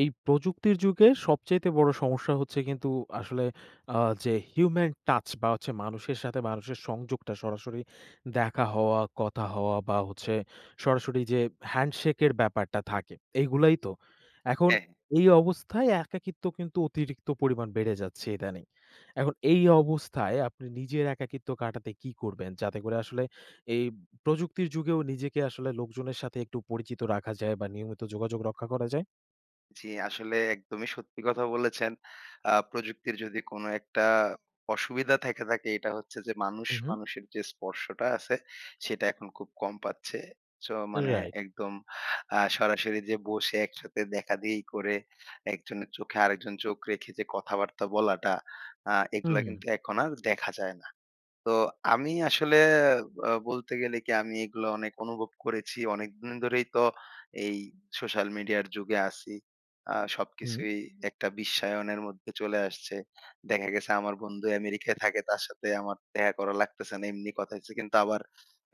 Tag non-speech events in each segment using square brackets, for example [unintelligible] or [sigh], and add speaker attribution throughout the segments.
Speaker 1: এই প্রযুক্তির যুগে সবচাইতে বড় সমস্যা হচ্ছে কিন্তু আসলে আ যে human touch বা হচ্ছে মানুষের সাথে মানুষের সংযোগটা সরাসরি দেখা হওয়া, কথা হওয়া বা হচ্ছে সরাসরি যে হ্যান্ডশেকের ব্যাপারটা থাকে। এইগুলাই তো? এখন
Speaker 2: হ্যাঁ, হ্যাঁ।
Speaker 1: এই অবস্থায় একাকিত্ব কিন্তু অতিরিক্ত পরিমাণ বেড়ে যাচ্ছে ইদানিং। এখন এই অবস্থায় আপনি নিজের একাকিত্ব কাটাতে কি করবেন? যাতে করে আসলে এই প্রযুক্তির যুগেও নিজেকে আসলে লোকজনের সাথে একটু পরিচিত রাখা যায় বা নিয়মিত যোগাযোগ রক্ষা করা যায়?
Speaker 2: জি আসলে একদমই সত্যি কথা বলেছেন। আ প্রযুক্তির যদি কোন একটা অসুবিধা থাইকা থাকে এটা হচ্ছে যে, মানুষ
Speaker 1: হুম, হুম।
Speaker 2: মানুষের যে স্পর্শটা আছে সেটা এখন খুব কম পাচ্ছে। সো মানে
Speaker 1: Right.
Speaker 2: একদম আ সরাসরি যে বসে একসাথে দেখাদেখি করে, একজনের চোখে আরেকজন চোখ রেখে যে কথাবার্তা বলাটা, আ
Speaker 1: হুম,
Speaker 2: এগুলা
Speaker 1: হুম।
Speaker 2: কিন্তু এখন আর দেখা যায় না। তো আমি আসলে বা বলতে গেলে কি আমি এগুলো অনেক অনুভব করেছি। অনেকদিন ধরেই তো এই সোশ্যাল মিডিয়ার যুগে আছি। আ
Speaker 1: হুম।
Speaker 2: সবকিছুই একটা বিশ্বায়নের মধ্যে চলে আসছে। দেখা গেছে আমার বন্ধু অ্যামেরিকায় থাকে তার সাথে আমার দেখা করা লাগতেছে না। এমনি কথা হইতেছে। কিন্তু আবার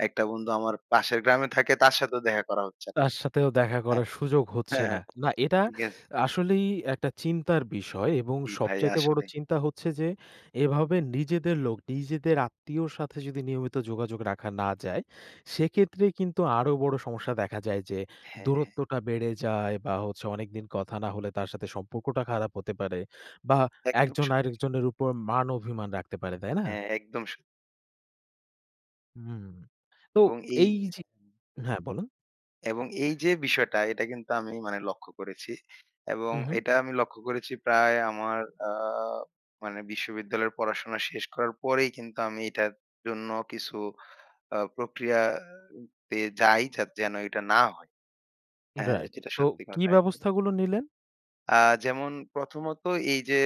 Speaker 2: একটা বন্ধু আমার পাশের গ্রামে থাকে তার সাথেও দেখা করা হচ্ছে না
Speaker 1: তার সাথেও দেখা
Speaker 2: হ্যাঁ,
Speaker 1: করার সুযোগ হচ্ছে
Speaker 2: হ্যাঁ,
Speaker 1: না।
Speaker 2: হ্যাঁ
Speaker 1: না এটা
Speaker 2: ঠিক আছে।
Speaker 1: আসলেই একটা চিন্তার বিষয় এবং
Speaker 2: জি ভাই
Speaker 1: সবচাইতে বড়
Speaker 2: আসলেi।
Speaker 1: চিন্তা হচ্ছে যে এভাবে নিজেদের লোক, নিজেদের আত্মীয়র সাথে যদি নিয়মিত যোগাযোগ রাখা না যায়, সেক্ষেত্রে কিন্তু আরো বড় সমস্যা দেখা যায় যে,
Speaker 2: হ্যাঁ, হ্যাঁ।
Speaker 1: দূরত্বটা বেড়ে যায় বা হচ্ছে অনেকদিন কথা না হলে তার সাথে সম্পর্কটা খারাপ হতে পারে। বা
Speaker 2: একদম
Speaker 1: একজন
Speaker 2: সত্যি।
Speaker 1: আরেকজনের উপর মান অভিমান রাখতে পারে, তাই না?
Speaker 2: হ্যাঁ একদম স
Speaker 1: হুম, হুম, হুম, হুম। তো
Speaker 2: এবং এই
Speaker 1: এই যে হ্যাঁ বলুন।
Speaker 2: এবং এই যে বিষয়টা এটা কিন্তু আমি মানে লক্ষ্য করেছি। এবং
Speaker 1: হুম, হুম।
Speaker 2: এটা আমি লক্ষ্য করেছি প্রায় আমার আ মানে বিশ্ববিদ্যালয়ের পড়াশোনা শেষ করার পরেই কিন্তু আমি এটার জন্য কিছু আ প্রক্রিয়া পেয়ে যাই যাতে যেন এটা না হয়। হ্যাঁ
Speaker 1: রাইট।
Speaker 2: যেটা
Speaker 1: তো
Speaker 2: সত্যি
Speaker 1: কী
Speaker 2: কথা আর কি।
Speaker 1: ব্যবস্থাগুলো নিলেন?
Speaker 2: আ যেমন প্রথমত এই যে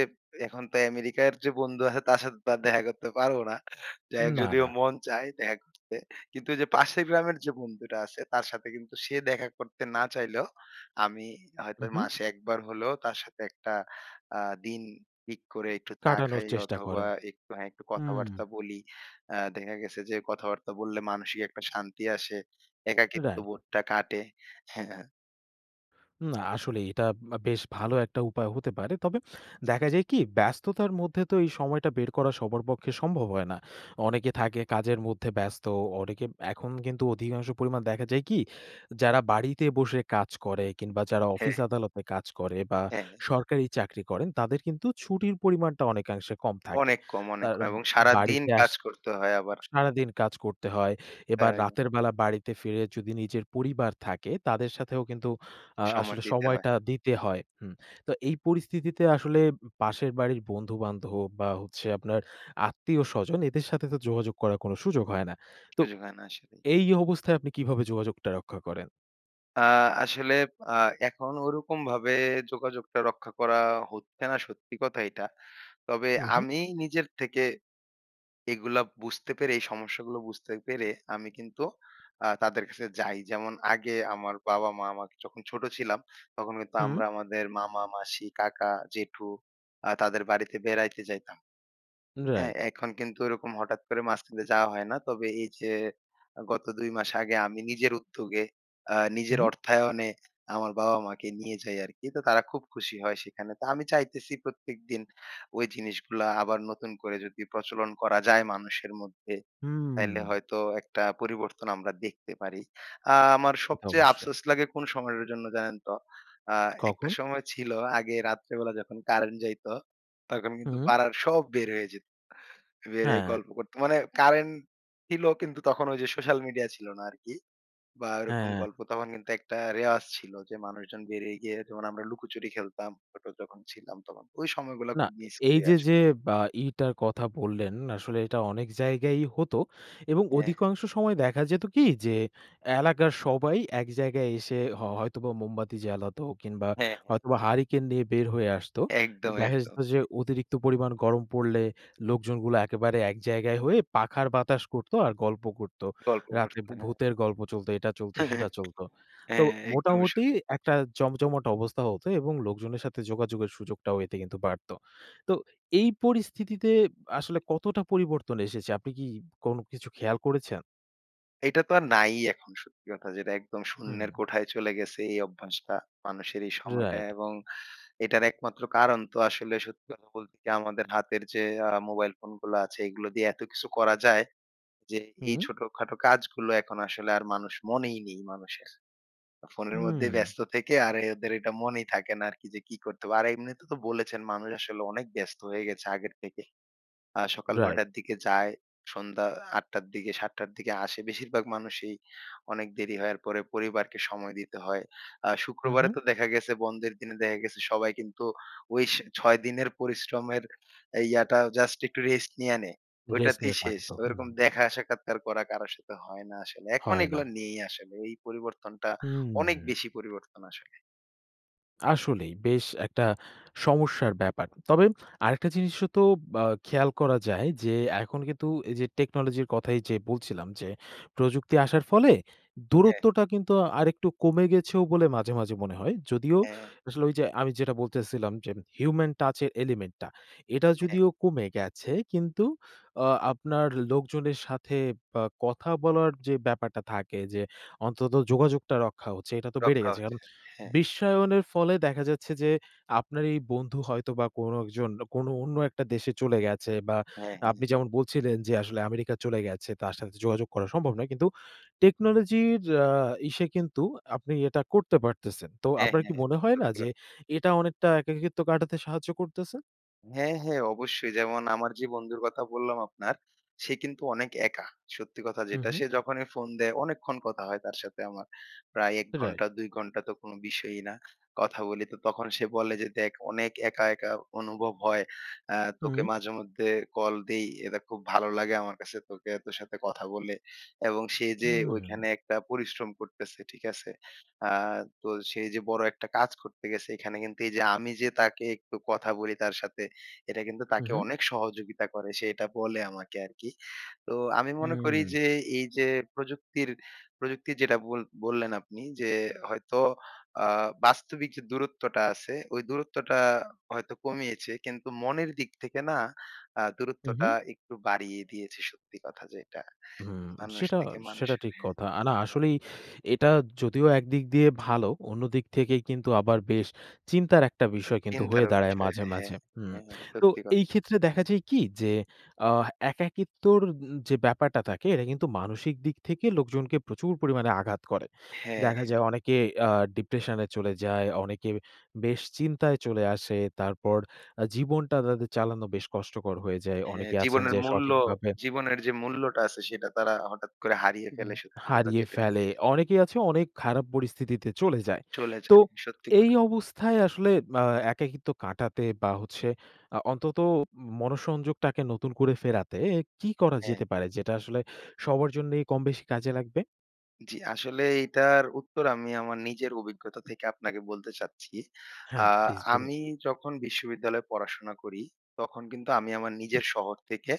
Speaker 2: এখন তো অ্যামেরিকার যে বন্ধু আছে তার সাথে দেখা করতে পারব না। যাই হোক
Speaker 1: না,
Speaker 2: যদিও
Speaker 1: না।
Speaker 2: মন চায় দেখা করতে। কিন্তু ওই যে পাশের গ্রামের যে বন্ধুটা আছে। তার সাথে কিন্তু সে দেখা করতে না চাইলেও, আমি হয়তো
Speaker 1: হুম, হুম।
Speaker 2: মাসে ১ বার হলেও তার সাথে একটা আ দিন পিক করে একটু চা
Speaker 1: কাটানোর
Speaker 2: খাই
Speaker 1: চেষ্টা
Speaker 2: অথবা
Speaker 1: করেন।
Speaker 2: একটু হ্যাঁ একটু
Speaker 1: হুম।
Speaker 2: কথাবার্তা বলি। আ দেখা গেছে যে কথাবার্তা বললে মানসিক একটা শান্তি আসে। একাকিত্ব
Speaker 1: Right.
Speaker 2: বোধটা কাটে। [chuckles]
Speaker 1: না। আসলেই এটা বা বেশ ভালো একটা উপায় হতে পারে। তবে দেখা যায় কি, ব্যস্ততার মধ্যে তো এই সময়টা বের করা সবার পক্ষে সম্ভব হয় না। অনেকে থাকে কাজের মধ্যে ব্যস্ত। অনেকে এখন কিন্তু অধিকাংশ পরিমাণ দেখা যায় কি, যারা বাড়িতে বসে কাজ করে কিংবা যারা অফিস
Speaker 2: হ্যাঁ।
Speaker 1: আদালতে কাজ করে বা
Speaker 2: হ্যাঁ।
Speaker 1: সরকারি চাকরি করেন, তাদের কিন্তু ছুটির পরিমানটা অনেকাংশে কম থাকে।
Speaker 2: অনেক কম অনেক
Speaker 1: তার
Speaker 2: কম।
Speaker 1: আ
Speaker 2: এবং সারাদিন
Speaker 1: বাড়িতে আস
Speaker 2: কাজ করতে হয় আবার।
Speaker 1: সারাদিন কাজ করতে হয়। এবার
Speaker 2: তাই?
Speaker 1: রাতের বেলা বাড়িতে ফিরে যদি নিজের পরিবার থাকে তাদের সাথেও কিন্তু আ
Speaker 2: সময়
Speaker 1: আসলে
Speaker 2: দিতে হয়।
Speaker 1: সময়টা দিতে হয়। হুম। তো এই পরিস্থিতিতে আসলে পাশের বাড়ির বন্ধু-বান্ধব বা হচ্ছে আপনার আত্মীয়-স্বজন এদের সাথে তো যোগাযোগ করার কোনো সুযোগ হয় না। তো
Speaker 2: সুযোগ হয় না আসলেই।
Speaker 1: এই অবস্থায় আপনি কীভাবে যোগাযোগটা রক্ষা করেন?
Speaker 2: আ আসলে আ এখন ঐ রকম ভাবে যোগাযোগটা রক্ষা করা হচ্ছে না সত্যি কথা এটা। তবে
Speaker 1: হুম, হুম।
Speaker 2: আমি নিজের থেকে এগুলা বুঝতে পেরে এই সমস্যাগুলো বুঝতে পেরে, আমি কিন্তু আ তাদের কাছে যাই। যেমন আগে আমার বাবা-মা আমাকে যখন ছোট ছিলাম তখন কিন্তু
Speaker 1: হুম।
Speaker 2: আমরা আমাদের মামা, মাসি, কাকা, জেঠু আ তাদের বাড়িতে বেড়াইতে যাইতাম। হ্যাঁ?
Speaker 1: রাইট।
Speaker 2: এখন কিন্তু ওইরকম হঠাৎ করে মাঝখান দিয়ে যাওয়া হয় না। তবে এই যে আ গত ২ মাস আগে আমি নিজের উদ্যোগে আ
Speaker 1: হুম,
Speaker 2: নিজের
Speaker 1: হুম।
Speaker 2: অর্থায়নে আমার বাবা-মা কে নিয়ে যাই আর কি। তো তারা খুব খুশি হয় সেখানে। তা আমি চাইতেছি প্রত্যেকদিন ঐ জিনিসগুলা আবার নতুন করে যদি প্রচলন করা যায় মানুষের মধ্যে। তাইলে
Speaker 1: হুম।
Speaker 2: হয়তো একটা পরিবর্তন আমরা দেখতে পারি। আ আমার
Speaker 1: সেটা
Speaker 2: সবচেয়ে
Speaker 1: অবশ্যই।
Speaker 2: আফসোস লাগে কোন সময়ের জন্য জানেন তো? আ একটা
Speaker 1: কখন?
Speaker 2: সময় ছিল আগে রাত্রেবেলা যখন কারেন্ট যাইত তখন কিন্তু
Speaker 1: হুম।
Speaker 2: পাড়ার সব বের হয়ে যেত। বের হয়ে
Speaker 1: হ্যাঁ।
Speaker 2: গল্প করত। মানে কারেন্ট ছিল কিন্তু তখন ঐ যে সোশ্যাল মিডিয়া ছিল না আর কি। বা ওইরকম
Speaker 1: হ্যাঁ।
Speaker 2: গল্প তখন কিন্তু একটা রেওয়াজ ছিল যে মানুষজন বেরিয়ে গিয়ে যেমন আমরা লুকোচুরি খেলতাম ছোট যখন ছিলাম তখন। ঐ সময়গুলা
Speaker 1: না,
Speaker 2: খুব
Speaker 1: এ
Speaker 2: মিস
Speaker 1: এই
Speaker 2: করি
Speaker 1: যে,
Speaker 2: আস
Speaker 1: যে বা ইটার কথা বললেন, আসলে এটা অনেক জায়গায়ই হত এবং
Speaker 2: হ্যাঁ।
Speaker 1: অধিকাংশ সময় দেখা যেত কি? যে এলাকার সবাই এক জায়গায় এসে হয় হ হয়তোবা মোমবাতি জ্বালাতো কিংবা
Speaker 2: হ্যাঁ, হ্যাঁ।
Speaker 1: হয়তোবা হারিকেন নিয়ে বের হয়ে আসতো। এ
Speaker 2: একদম,
Speaker 1: দেখা
Speaker 2: একদম।
Speaker 1: যেত যে, অতিরিক্ত পরিমাণ গরম পড়লে লোকজনগুলো একেবারে এক জায়গায় হয়ে পাখার বাতাস করত আর গল্প করত।
Speaker 2: গল্প
Speaker 1: রাতে
Speaker 2: করতো
Speaker 1: ভূ
Speaker 2: হ্যাঁ।
Speaker 1: ভূতের গল্প চলত, এটা চলত, সেটা
Speaker 2: [laughs] হ্যাঁ, হ্যাঁ।
Speaker 1: চলত। তো
Speaker 2: একদমই সত্য।
Speaker 1: মোটামুটি একটা জমজমাট অবস্থা হতো এবং লোকজনের সাথে যোগাযোগের সুযোগটাও এতে কিন্তু বাড়ত। তো এই পরিস্থিতিতে আসলে কতটা পরিবর্তন এসেছে আপনি কি কোনো কিছু খেয়াল করেছেন?
Speaker 2: এইটা তো আর নাই ই এখন সত্যি কথা যেটা। একদম শূন্যের
Speaker 1: হুম।
Speaker 2: কোঠায় চলে গেছে এই অভ্যাসটা মানুষের এই সময়টায়।
Speaker 1: রাইট।
Speaker 2: এবং এটার একমাত্র কারণ তো আসলে সত্যি কথা বলতে কি আমাদের হাতের যে আ মোবাইল ফোনগুলো আছে এগুলো দিয়ে এত কিছু করা যায়, যে এই
Speaker 1: হুম।
Speaker 2: ছোটখাটো কাজগুলো এখন আসলে আর মানুষ মনেই নেই মানুষের। ফোনের মধ্যে
Speaker 1: হুম।
Speaker 2: ব্যস্ত থেকে আর এ ওদের এটা মনেই থাকে না আরকি যে কি করতে হবে। আর এমনিতে তো বলেছেন মানুষ আসলে অনেক ব্যস্ত হয়ে গেছে আগের থেকে। আ সকাল ৯
Speaker 1: রাইট।
Speaker 2: টার দিকে যায়। সন্ধ্যা ৮ টার দিকে ৭ টার দিকে আসে। বেশিরভাগ মানুষই অনেক দেরি হওয়ার পরে পরিবারকে সময় দিতে হয়। আ
Speaker 1: হুম,
Speaker 2: শুক্রবারে
Speaker 1: হুম।
Speaker 2: তো দেখা গেছে বন্ধের দিনে দেখা গেছে সবাই কিন্তু ওই স ৬ দিনের পরিশ্রমের ইয়াটা জাস্ট একটু রেস্ট নিয়া নেয়।
Speaker 1: Rest
Speaker 2: ঐটাতেই
Speaker 1: নিয়ে
Speaker 2: শেষ।
Speaker 1: কাটত, হুম।
Speaker 2: ওইরকম দেখা সাক্ষাৎ আর করা কারো সাথে হয় না আসলে। এখন
Speaker 1: হয় না।
Speaker 2: এইগুলা নেই আসলে। ওই পরিবর্তনটা অনেক
Speaker 1: হুম।
Speaker 2: বেশি পরিবর্তন আসলে।
Speaker 1: আসলেই বেশ একটা সমস্যার ব্যাপার। তবে আরেকটা জিনিস ওতো আ খেয়াল করা যায় যে এখন কিন্তু এইযে টেকনোলজির কথাই যে বলছিলাম যে প্রযুক্তি আসার ফলে
Speaker 2: হ্যাঁ।
Speaker 1: দূরত্বটা কিন্তু আরেকটু কমে গেছেও বলে মাঝে, মাঝে মনে হয়। যদিও
Speaker 2: হ্যাঁ, হ্যাঁ।
Speaker 1: আসলে ওইযে আমি যেটা বলতেসিলাম যে human touch এর element টা এটা
Speaker 2: হ্যাঁ।
Speaker 1: যদিও কমে গেছে কিন্তু অ আপনার লোকজনের সাথে ব কথা বলার যে ব্যাপারটা থাকে যে অন্তত যোগাযোগটা রক্ষা হচ্ছে এটা তো বেড়ে
Speaker 2: রক্ষা
Speaker 1: গেছে। এখন
Speaker 2: হচ্ছে। হ্যাঁ।
Speaker 1: বিশ্বায়নের ফলে দেখা যাচ্ছে যে, আপনার এই বন্ধু হয়তো বা কোনো একজন কোনো অন্য একটা দেশে চলে গেছে বা
Speaker 2: হ্যাঁ,
Speaker 1: আপনি
Speaker 2: হ্যাঁ।
Speaker 1: যেমন বলছিলেন যে আসলে আমেরিকা চলে গেছে তার সাথে যোগাযোগ করা সম্ভব নয়। কিন্তু টেকনোলজির আ ইসে কিন্তু আপনি এটা করতে পারতেসেন। তো
Speaker 2: হ্যাঁ,
Speaker 1: আপনার কি
Speaker 2: হ্যাঁ।
Speaker 1: মনে হয় না
Speaker 2: সত্যি
Speaker 1: যে
Speaker 2: কথা।
Speaker 1: এটা অনেকটা একাকিত্ব কাটাতে সাহায্য করতেসে?
Speaker 2: হ্যাঁ, হ্যাঁ। অবশ্যই, যেমন আমার যে বন্ধুর কথা বললাম আপনার সে কিন্তু অনেক একা, সত্যি কথা
Speaker 1: হুম,
Speaker 2: যেটা।
Speaker 1: হুম।
Speaker 2: সে যখনই ফোন দেয় অনেকক্ষণ কথা হয় তার সাথে আমার। প্রায় ১
Speaker 1: রাইট।
Speaker 2: ঘন্টা ২ ঘন্টা তো কোন বিষয়ই না, কথা বলি। তো তখন সে বলে যে দেখ অনেক একা, একা অনুভব হয়। অ্যা তোকে
Speaker 1: হুম।
Speaker 2: মাঝেমধ্যে কল দেই। এটা খুব ভালো লাগে আমার কাছে তোকে তোর সাথে কথা বলে। এবং সে যে
Speaker 1: হুম।
Speaker 2: ওইখানে একটা পরিশ্রম করতেছে, ঠিক আছে? আ তো সে এই যে বড় একটা কাজ করতে গেছে, এইখানে কিন্তু এই যে আমি যে তাকে একটু কথা বলি তার সাথে, এটা কিন্তু
Speaker 1: হুম,
Speaker 2: তাকে
Speaker 1: হুম।
Speaker 2: অনেক সহযোগিতা করে। সে এটা বলে আমাকে আরকি। তো আমি মনে করি
Speaker 1: হুম।
Speaker 2: যে এই যে প্রযুক্তির প্রযুক্তির যেটা বল বললেন আপনি যে হয়তো আ বাস্তবিক যে দূরত্বটা আছে, ওই দূরত্বটা হয়তো কমিয়েছে। কিন্তু মনের দিক থেকে না আ
Speaker 1: হুম,
Speaker 2: দূরত্বটা
Speaker 1: হুম।
Speaker 2: একটু বাড়িয়ে দিয়েছে সত্যি কথা যেটা।
Speaker 1: হুম।
Speaker 2: মানুষ
Speaker 1: সেটা
Speaker 2: থেকে
Speaker 1: সেটা
Speaker 2: মানুষের।
Speaker 1: ঠিক
Speaker 2: হ্যাঁ,
Speaker 1: কথা। আ না
Speaker 2: হ্যাঁ।
Speaker 1: আসলেই এটা যদিও একদিক দিয়ে ভালো, অন্যদিক থেকে কিন্তু আবার বেশ চিন্তার একটা বিষয় কিন্তু হয়ে
Speaker 2: চিন্তারও
Speaker 1: দাঁড়ায়
Speaker 2: বিষয়।
Speaker 1: মাঝে,
Speaker 2: হ্যাঁ, হ্যাঁ,
Speaker 1: মাঝে। হুম,
Speaker 2: হ্যাঁ।
Speaker 1: তো
Speaker 2: সত্যি কথা।
Speaker 1: এই ক্ষেত্রে দেখা যায় কি যে আ একাকিত্বর উন যে ব্যাপারটা থাকে এটা কিন্তু মানসিক দিক থেকে লোকজনকে প্রচুর পরিমাণে আঘাত করে।
Speaker 2: হ্যাঁ,
Speaker 1: দেখা
Speaker 2: হ্যাঁ।
Speaker 1: যায় অনেকে আ- ডিপ্রেশন এ চলে যায়, অনেকে বেশ চিন্তায় চলে আসে। তারপর আ জীবনটা তাদের চালানো বেশ কষ্টকর হয়ে যায়।
Speaker 2: হ্যাঁ,
Speaker 1: অনেকে আছেন
Speaker 2: জীবনের
Speaker 1: যে
Speaker 2: মূল্য
Speaker 1: সঠিকভাবে
Speaker 2: জীবনের যে মূল্যটা আছে সেটা তারা হঠাৎ করে হারিয়ে
Speaker 1: উম
Speaker 2: ফেলে সত্যি কথা
Speaker 1: হারিয়ে
Speaker 2: যেটা।
Speaker 1: ফেলে। অনেকেই আছে অনেক খারাপ পরিস্থিতিতে চলে যায়।
Speaker 2: চলে
Speaker 1: তো
Speaker 2: যায়। সত্যি
Speaker 1: এই
Speaker 2: কথা।
Speaker 1: অবস্থায় আসলে আ একাকিত্ব কাটাতে বা হচ্ছে আ অন্তত ম মনোসংযোগটাকে নতুন করে ফেরাতে কি করা
Speaker 2: হ্যাঁ।
Speaker 1: যেতে পারে যেটা আসলে সবার জন্যই কমবেশি কাজে লাগবে?
Speaker 2: জি আসলে এইটার উত্তর আমি আমার নিজের অভিজ্ঞতা থেকে আপনাকে বলতে চাচ্ছি।
Speaker 1: হ্যাঁ
Speaker 2: আ
Speaker 1: প্লিজ বলুন।
Speaker 2: আমি যখন বিশ্ববিদ্যালয়ে পড়াশোনা করি, তখন কিন্তু আমি আমার
Speaker 1: হু।
Speaker 2: নিজের শহর থেকে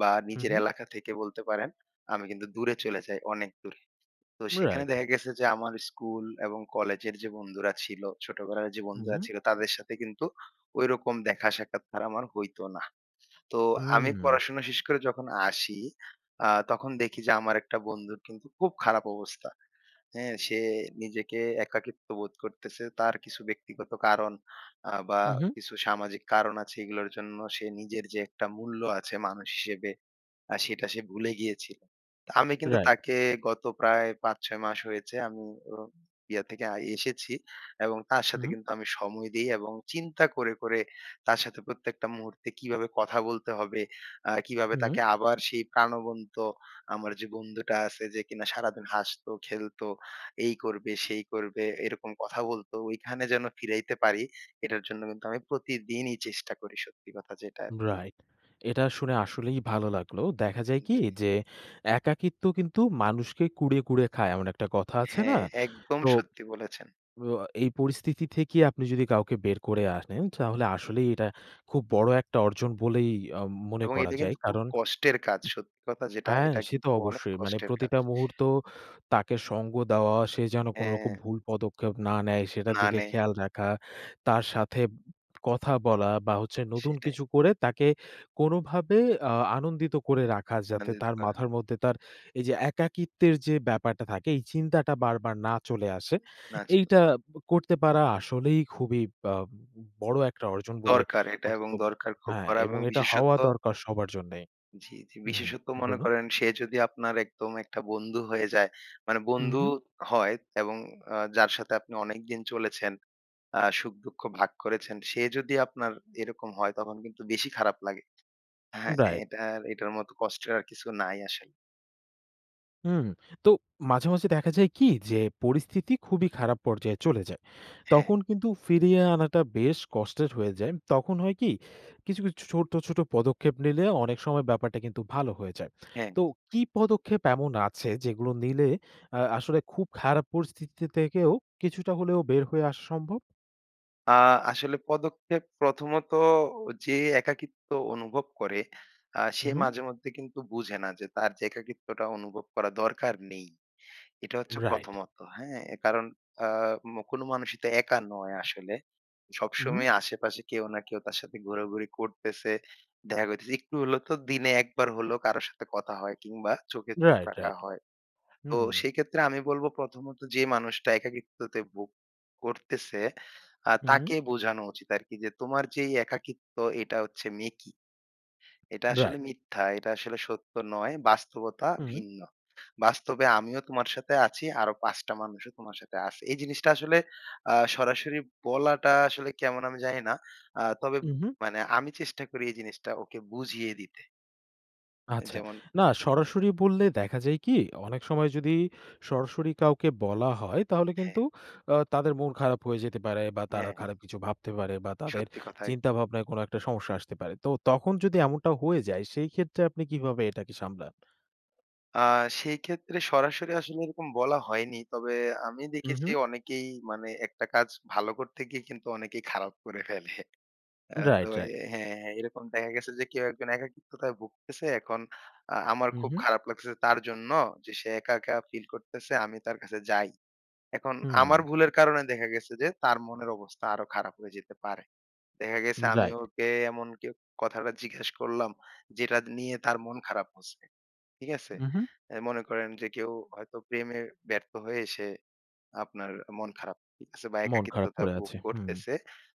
Speaker 2: বা
Speaker 1: হুম,
Speaker 2: নিজের
Speaker 1: হুম।
Speaker 2: এলাকা থেকে বলতে পারেন আমি কিন্তু দূরে চইলা যাই, অনেক দূরে। তো সেখানে
Speaker 1: রাইট।
Speaker 2: দেখা গেছে যে আমার স্কুল এবং কলেজের যে বন্ধুরা ছিল, ছোটবেলার যে বন্ধুরা
Speaker 1: হুম।
Speaker 2: ছিল তাদের সাথে কিন্তু ওইরকম দেখা সাক্ষাৎকার আর আমার হইত না। তো আমি
Speaker 1: হুম।
Speaker 2: পড়াশোনা শেষ করে যখন আসি, আ তখন দেখি যে আমার একটা বন্ধুর কিন্তু খুব খারাপ অবস্থা, হ্যাঁ? সে নিজেকে একাকিত্ব বোধ করতেছে। তার কিছু ব্যক্তিগত কারণ আ বা
Speaker 1: হুম, হুম।
Speaker 2: কিছু সামাজিক কারণ আছে। এগুলোর জন্য সে নিজের যে একটা মূল্য আছে মানুষ হিসেবে, আ সেটা সে ভুলে গিয়েছিল। তা আমি কিন্তু
Speaker 1: রাইট।
Speaker 2: তাকে গত প্রায় ৫-৬ মাস হয়েছে আমি অ ইয়া থেকে আ এসেছি। এবং তার সাথে
Speaker 1: হুম।
Speaker 2: কিন্তু আমি সময় দেই এবং চিন্তা করে, করে তার সাথে প্রত্যেকটা মুহূর্তে কিভাবে কথা বলতে হবে। আ কিভাবে
Speaker 1: হুম।
Speaker 2: তাকে আবার সেই প্রাণবন্ত আমার যে বন্ধুটা আছে যে কিনা সারাদিন হাসতো, খেলত, এই করবে, সেই করবে এইরকম কথা বলত। ওইখানে যেন ফিরাইতে পারি। এটার জন্য কিন্তু আমি প্রতিদিনই চেষ্টা করি সত্যি কথা যেটা আরকি।
Speaker 1: রাইট। এটা শুনে আসলেই ভালো লাগলো। দেখা যায়
Speaker 2: হুম
Speaker 1: কি
Speaker 2: জি।
Speaker 1: যে একাকিত্ব কিন্তু মানুষকে কুঁড়ে, কুড়ে খায় এমন একটা কথা আছে না?
Speaker 2: হ্যাঁ। একদম
Speaker 1: তো
Speaker 2: সত্যি বলেছেন।
Speaker 1: আ এই পরিস্থিতি থেকে আপনি যদি কাউকে বের করে আনেন, তাহলে আসলেই এটা খুব বড় একটা অর্জন বলেই অ মনে
Speaker 2: এবং
Speaker 1: করা
Speaker 2: এইটা
Speaker 1: যায়।
Speaker 2: কিন্তু খুব
Speaker 1: কারণ
Speaker 2: কষ্টের কাজ সত্যি কথা যেটা।
Speaker 1: হ্যাঁ
Speaker 2: এটা
Speaker 1: সে তো
Speaker 2: কিন্তু অনেক
Speaker 1: অবশ্যই। মানে
Speaker 2: কষ্টের কাজ।
Speaker 1: প্রতিটা মুহূর্ত তাকে সঙ্গ দেওয়া, সে যেন কোনরকম
Speaker 2: হ্যাঁ।
Speaker 1: ভুল পদক্ষেপ না নেয় সেটার
Speaker 2: না
Speaker 1: দিকে
Speaker 2: নেয়।
Speaker 1: খেয়াল রাখা, তার সাথে কথা বলা, বা হচ্ছে নতুন
Speaker 2: সেটাই।
Speaker 1: কিছু করে তাকে কোনোভাবে আ আনন্দিত করে রাখা। যাতে
Speaker 2: আনন্দিত
Speaker 1: তার
Speaker 2: করা।
Speaker 1: মাথার মধ্যে তার এই যে একাকিত্বের যে ব্যাপারটা থাকে, এই চিন্তাটা বারবার না চলে আসে।
Speaker 2: না চলে
Speaker 1: এইটা ব করতে পারা আসলেই খুবই আম বড় একটা অর্জন বলে
Speaker 2: দরকার এটা এবং
Speaker 1: [unintelligible]
Speaker 2: দরকার খুব
Speaker 1: হ্যাঁ
Speaker 2: করা
Speaker 1: এবং
Speaker 2: এবং
Speaker 1: এটা হওয়া
Speaker 2: বিশেষত্ব
Speaker 1: দরকার সবার জন্যেই।
Speaker 2: জি, জি।
Speaker 1: হুম
Speaker 2: বিশেষত মনে
Speaker 1: বলুন।
Speaker 2: করেন সে যদি আপনার একদম একটা বন্ধু হয়ে যায় মানে
Speaker 1: হু,
Speaker 2: বন্ধু
Speaker 1: হু।
Speaker 2: হয় এবং আ যার সাথে আপনি অনেকদিন চলেছেন, আ সুখ-দুঃখ ভাগ করেছেন। সে যদি আপনার এরকম হয়, তখন কিন্তু বেশি খারাপ লাগে। হ্যাঁ
Speaker 1: রাইট।
Speaker 2: এটার এটার মতো কষ্টের আর কিছু নাই আসলে।
Speaker 1: হুম। তো মাঝে, মাঝে দেখা যায় কি যে পরিস্থিতি খুবই খারাপ পর্যায়ে চলে যায়।
Speaker 2: হ্যাঁ।
Speaker 1: তখন কিন্তু ফিরিয়ে আনাটা বেশ কষ্টের হয়ে যায়। তখন হয় কি কিছু, কিছু ছো ছোট্ট, ছোট পদক্ষেপ নিলে অনেক সময় ব্যাপারটা কিন্তু ভালো হয়ে যায়।
Speaker 2: হ্যাঁ।
Speaker 1: তো কি পদক্ষেপ এমন আছে যেগুলো নিলে আ আসলে খুব খারাপ পরিস্থিতিতে থেকেও কিছুটা হলেও বের হয়ে আসা সম্ভব?
Speaker 2: আ আসলে পদক্ষেপ প্রথমত যে একাকিত্ব অনুভব করে আ
Speaker 1: হু
Speaker 2: সে
Speaker 1: হুম।
Speaker 2: মাঝেমধ্যে কিন্তু বুঝে না যে তার যে একাকিত্বটা অনুভব করা দরকার নেই। এটা হচ্ছে
Speaker 1: রাইট।
Speaker 2: প্রথমত। হ্যাঁ? কারণ আ ম কোন মানুষই তো একা নয় আসলে।
Speaker 1: হু, হুম।
Speaker 2: সবসময় আশেপাশে কেউ না কেউ তার সাথে ঘোরাঘুরি করতেসে, দেখা হইতেসে। একটু হইলেও তো দিনে একবার হলেও কারো সাথে কথা হয় কিংবা চোখে চোখ
Speaker 1: Right,
Speaker 2: রাখা
Speaker 1: right.
Speaker 2: হয়। তো
Speaker 1: হুম।
Speaker 2: সেইক্ষেত্রে আমি বলব প্রথমত যে মানুষটা একাকিত্বতে ভোগ করতেসে আ
Speaker 1: হুম।
Speaker 2: তাকে বোঝানো উচিত আরকি যে তোমার যেই একাকিত্ব এটা হচ্ছে মেকি। এটা আসলে
Speaker 1: Right.
Speaker 2: মিথ্যা। এটা আসলে সত্য নয়। বাস্তবতা
Speaker 1: হুউম।
Speaker 2: ভিন্ন। বাস্তবে আমিও তোমার সাথে আছি। আরো ৫ টা মানুষও তোমার সাথে আছে। এই জিনিসটা আসলে আ সরাসরি বলাটা আসলে কেমন আমি জানি না। আ তবে
Speaker 1: উহুম।
Speaker 2: মানে আমি চেষ্টা করি এই জিনিসটা ওকে বুঝিয়ে দিতে। এই
Speaker 1: আচ্ছা।
Speaker 2: যেমন।
Speaker 1: না সরাসরি বললে দেখা যায় কি? অনেক সময় যদি সরাসরি কাউকে বলা হয়, তাহলে
Speaker 2: হ্যাঁ।
Speaker 1: কিন্তু আ তাদের মন খারাপ হয়ে যেতে পারে, বা তারা
Speaker 2: হ্যাঁ, হ্যাঁ।
Speaker 1: খারাপ কিছু ভাবতে পারে বা তাদের
Speaker 2: সত্যি কথাই।
Speaker 1: চিন্তাভাবনায় কোনো একটা সমস্যা আসতে পারে। তো তখন যদি এমনটা হয়ে যায় সেই ক্ষেত্রে আপনি কীভাবে এটাকে সামলান?
Speaker 2: আ সেই ক্ষেত্রে সরাসরি আসলে এরকম বলা হয়নি। তবে আমি
Speaker 1: হুম,
Speaker 2: দেখেছি
Speaker 1: হুম।
Speaker 2: অনেকেই মানে একটা কাজ ভালো করতে গিয়ে কিন্তু অনেকেই খারাপ করে ফেলে। অ্যা তো
Speaker 1: রাইট,
Speaker 2: এ
Speaker 1: রাইট।
Speaker 2: হ্যাঁ। এরকম দেখা গেছে যে কেউ একজন একাকিত্বতায় ভুগতেছে, এখন আ আমার
Speaker 1: হু,
Speaker 2: খুব
Speaker 1: হু।
Speaker 2: খারাপ লাগতেছে তার জন্য যে সে একা, একা ফিল করতেছে, আমি তার কাছে যাই। এখন আমার
Speaker 1: হুম।
Speaker 2: ভুলের কারনে দেখা গেছে যে তার মনের অবস্থা আরো খারাপ হয়ে যেতে পারে। দেখা গেছে
Speaker 1: উম
Speaker 2: আমি
Speaker 1: রাইট।
Speaker 2: ওকে এমন কেউ কথাটা জিজ্ঞেস করলাম যেটা দ নিয়ে তার মন খারাপ হচ্ছে, ঠিক আছে?
Speaker 1: হু, হু।
Speaker 2: এ মনে করেন যে কেউ হয়তো প্রেমে ব্যর্থ হয়ে সে আপনার আ মন খারাপ করতেছে বা
Speaker 1: মন খারাপ
Speaker 2: একাকিত্বতা
Speaker 1: করে
Speaker 2: ভোগ
Speaker 1: আছে। হুম।
Speaker 2: করতেছে।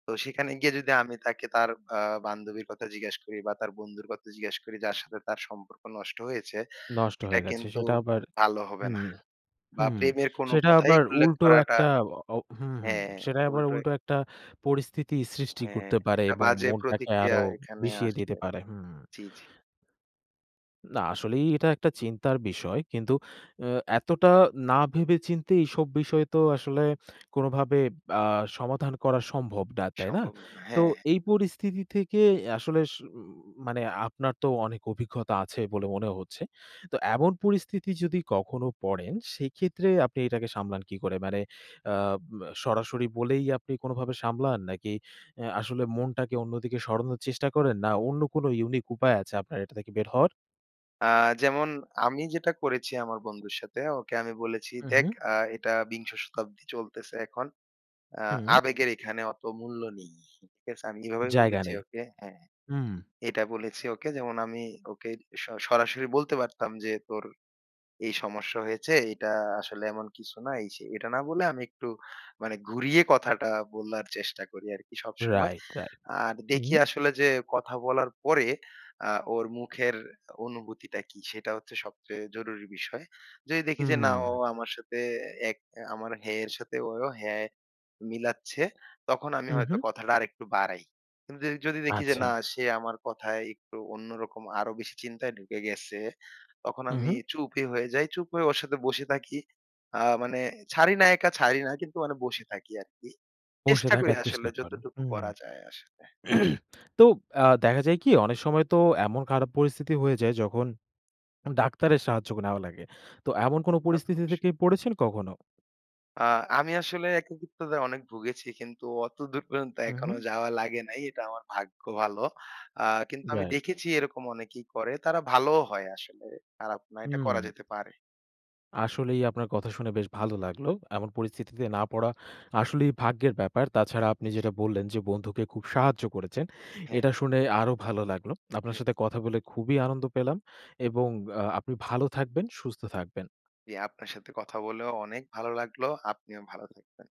Speaker 2: তো সেখানে গিয়ে যদি আমি তাকে তার আ বান্ধবীর কথা জিজ্ঞাস করি, বা তার বন্ধুর কথা জিজ্ঞাস করি, যার সাথে তার সম্পর্ক নষ্ট হয়েছে।
Speaker 1: নষ্ট
Speaker 2: এটা
Speaker 1: হয়ে গেছে।
Speaker 2: কিন্তু
Speaker 1: সেটা আবার
Speaker 2: ভালো হবে
Speaker 1: হুম,
Speaker 2: নাহ। বা
Speaker 1: হুম।
Speaker 2: প্রেমের কোন
Speaker 1: সেটা
Speaker 2: কথাই
Speaker 1: আবার
Speaker 2: উল্লেখ
Speaker 1: উল্টো
Speaker 2: করাটা
Speaker 1: একটা অ অ হুম, হুম।
Speaker 2: হ্যাঁ
Speaker 1: সেটা আবার
Speaker 2: উল্টা এ
Speaker 1: উল্টো একটা পরিস্থিতি সৃষ্টি
Speaker 2: হ্যাঁ,
Speaker 1: করতে পারে,
Speaker 2: একটা
Speaker 1: এবং
Speaker 2: বাজে
Speaker 1: মনটাকে আরো
Speaker 2: প্রতিক্রিয়া
Speaker 1: উ
Speaker 2: এখানে
Speaker 1: বিষিয়ে দিতে
Speaker 2: আসবে।
Speaker 1: পারে। হুম।
Speaker 2: জি, জি।
Speaker 1: না আসলেই এটা একটা চিন্তার বিষয়। কিন্তু অ্যা এতটা না ভেবে-চিন্তে এইসব বিষয় তো আসলে কোনভাবে আ সমাধান করা সম্ভব না, তাই না?
Speaker 2: সম্ভবনা।
Speaker 1: তো
Speaker 2: হ্যাঁ, হ্যাঁ।
Speaker 1: এই পরিস্থিতি থেকে এ আসলে স উম মানে আপনার তো অনেক অভিজ্ঞতা আছে বলে মনে হচ্ছে। তো এমন পরিস্থিতি যদি কখনো পরেন, সেইক্ষেত্রে আপনি এটাকে সামলান কী করে? মানে আব সরাসরি বলেই আপনি কোনোভাবে সামলান? নাকি অ্যা আসলে মনটাকে অন্যদিকে সরানোর চেষ্টা করেন? না অন্য কোন ইউনিক উপায় আছে আপনার এটা থেকে বের হওয়ার?
Speaker 2: আ যেমন আমি যেটা করেছি আমার বন্ধুর সাথে। ওকে আমি বলেছি
Speaker 1: হুম,
Speaker 2: দেখ
Speaker 1: হুম।
Speaker 2: আ এটা বিংশ শতাব্দী চলতেসে এখন। অ্যা
Speaker 1: হুম।
Speaker 2: আবেগের এখানে অত মূল্য নেই, ঠিক আছে? আমি এভাবেই
Speaker 1: জায়গা
Speaker 2: বলেছি
Speaker 1: নেই।
Speaker 2: ওকে হ্যাঁ?
Speaker 1: হুম।
Speaker 2: এটা বলেছি ওকে যেমন আমি ওকে সরা সরাসরি বলতে পারতাম যে "তোর এই সমস্যা হয়েছে। এইটা আসলে এমন কিছু না, এই-সেই।" এটা না বলে আমি একটু মানে ঘুরিয়ে কথাটা বলার চেষ্টা করি আরকি সবসময়।
Speaker 1: Right, right.
Speaker 2: আর
Speaker 1: হু,
Speaker 2: দেখি
Speaker 1: হু।
Speaker 2: আসলে যে কথা বলার পরে আ ওর মুখের অনুভূতিটা কি? সেটা হচ্ছে সবচেয়ে জরুরি বিষয়। যদি দেখি যে না ও
Speaker 1: হুম।
Speaker 2: আমার সাথে এক অ্যা আমার হ্যাঁ এর সাথে ওই ও হ্যাঁ মিলাচ্ছে, তখন আমি
Speaker 1: হুম,
Speaker 2: হয়তো
Speaker 1: হুম।
Speaker 2: কথাটা আরেকটু বাড়াই। কিন্তু দে যদি দেখি যে
Speaker 1: আচ্ছা।
Speaker 2: না সে আমার কথায় একটু অন্যরকম আরো বেশি চিন্তায় ঢুকে গেসে, তখন
Speaker 1: হুম,
Speaker 2: আমি
Speaker 1: হুম।
Speaker 2: চুপই হয়ে যাই। চুপ হয়ে ওর সাথে বসে থাকি। আ মানে ছাড়ি না একা ছাড়ি না কিন্তু মানে বসে থাকি আরকি।
Speaker 1: বসে
Speaker 2: চেষ্টা করি
Speaker 1: থাকার
Speaker 2: আসলে
Speaker 1: চেষ্টা করেন।
Speaker 2: যতটুকু
Speaker 1: হুম।
Speaker 2: করা যায় আসলে।
Speaker 1: [clears throat] তো আ দেখা যায় কি অনেক সময় তো এমন খারাপ পরিস্থিতি হয়ে যায় যখন উম ডাক্তারের সাহায্যও নেওয়া লাগে। তো এমন কোন
Speaker 2: তা তো
Speaker 1: পরিস্থিতিতে
Speaker 2: অবশ্যই।
Speaker 1: কি পড়েছেন কখনো?
Speaker 2: আ আমি আসলে একাকিত্বতায় অনেক ভুগেছি কিন্তু অতদূর পর্যন্ত
Speaker 1: হুম,
Speaker 2: এখনো
Speaker 1: হুম।
Speaker 2: যাওয়া লাগে নাই। এটা আমার ভাগ্য ভালো। আ কিন্তু আমি
Speaker 1: রাইট
Speaker 2: দেখেছি এরকম অনেকেই করে। তারা ভালোও হয় আসলে। খারাপ না, এটা করা
Speaker 1: হুম।
Speaker 2: যেতে পারে।
Speaker 1: আসলেই আপনার কথা শুনে বেশ ভালো লাগলো। এমন পরিস্থিতিতে না পড়া আসলেই ভাগ্যের ব্যাপার। তাছাড়া আপনি
Speaker 2: উম জ্বী।
Speaker 1: যেটা বললেন যে বন্ধুকে খুব সাহায্য করেছেন।
Speaker 2: হ্যাঁ।
Speaker 1: এটা শুনে আরো ভালো লাগলো। আপনার
Speaker 2: হুম।
Speaker 1: সাথে কথা বলে খুবি আনন্দ পেলাম। এবং আ আপনি ভালো থাকবেন, সুস্থ থাকবেন।
Speaker 2: জ্বী। আপনার সাথে কথা বলেও অনেক ভালো লাগল। আপনিও ভালো থাকবেন।